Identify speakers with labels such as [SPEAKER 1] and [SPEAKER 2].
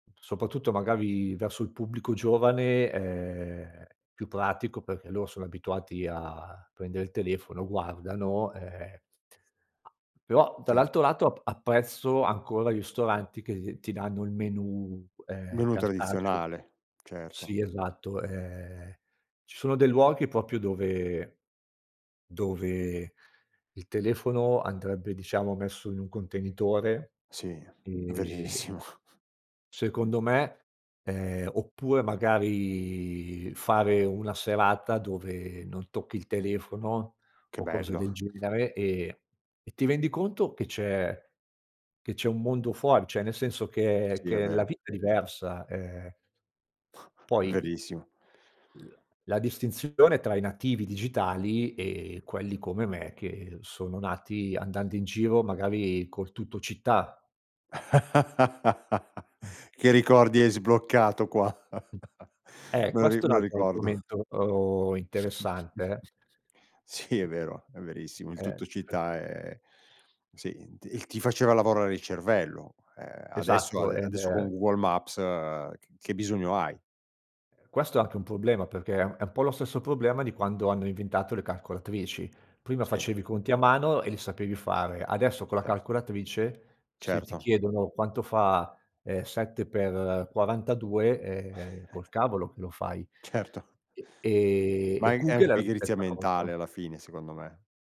[SPEAKER 1] Soprattutto magari verso il pubblico giovane, è più pratico perché loro sono abituati a prendere il telefono, guardano, ehm, però
[SPEAKER 2] Cer
[SPEAKER 1] dall'altro lato ap apprezzo ancora ristoranti che ti danno il menù, ehm,
[SPEAKER 2] Menù
[SPEAKER 1] cartaceo
[SPEAKER 2] tradizionale, certo.
[SPEAKER 1] Sì, esatto, ehm, ci sono dei luoghi proprio dove dove il telefono andrebbe, diciamo, messo in un contenitore,
[SPEAKER 2] Sì,
[SPEAKER 1] ehm
[SPEAKER 2] verissimo!
[SPEAKER 1] Secondo me, ehm, oppure magari fare una serata dove non tocchi il telefono
[SPEAKER 2] Che
[SPEAKER 1] o cose
[SPEAKER 2] bello.
[SPEAKER 1] del genere e e ti rendi conto che c'è che c'è un mondo fuori, cioè, nel senso che
[SPEAKER 2] Sì, è
[SPEAKER 1] che la
[SPEAKER 2] vero.
[SPEAKER 1] vita è diversa, ehm Poi i
[SPEAKER 2] Verissimo.
[SPEAKER 1] l la distinzione tra i nativi digitali e quelli come me, che sono nati andando in giro magari col TuttoCittà. Mh.
[SPEAKER 2] Che ricordi hai sbloccato qua.
[SPEAKER 1] Eh,
[SPEAKER 2] Me lo ri
[SPEAKER 1] questo è
[SPEAKER 2] me
[SPEAKER 1] un
[SPEAKER 2] lo
[SPEAKER 1] altro
[SPEAKER 2] ricordo.
[SPEAKER 1] argomento, uhm, interessante, eh.
[SPEAKER 2] Sì, è vero, è verissimo. Il
[SPEAKER 1] Eh, fatti
[SPEAKER 2] Tuttocittà è sì, ti ti faceva lavorare il cervello, ehm, adesso,
[SPEAKER 1] Esatto.
[SPEAKER 2] ade
[SPEAKER 1] Eh,
[SPEAKER 2] adesso con
[SPEAKER 1] beh.
[SPEAKER 2] Google Maps, uhm, c che bisogno hai?
[SPEAKER 1] Eh, questo è anche un problema perché è è un po' lo stesso problema di quando hanno inventato le calcolatrici. Prima
[SPEAKER 2] Sì.
[SPEAKER 1] facevi i conti a mano e li sapevi fare, adesso con la
[SPEAKER 2] Cer
[SPEAKER 1] calcolatrice se ti
[SPEAKER 2] Certo.
[SPEAKER 1] chiedono quanto fa, ehm, 7x42 ehm, col cavolo che lo fai.
[SPEAKER 2] Certo.
[SPEAKER 1] Ehm, e
[SPEAKER 2] Mai è
[SPEAKER 1] comunque è
[SPEAKER 2] anche
[SPEAKER 1] la
[SPEAKER 2] pigrizia
[SPEAKER 1] stessa
[SPEAKER 2] mentale
[SPEAKER 1] cosa.
[SPEAKER 2] alla fine, secondo me.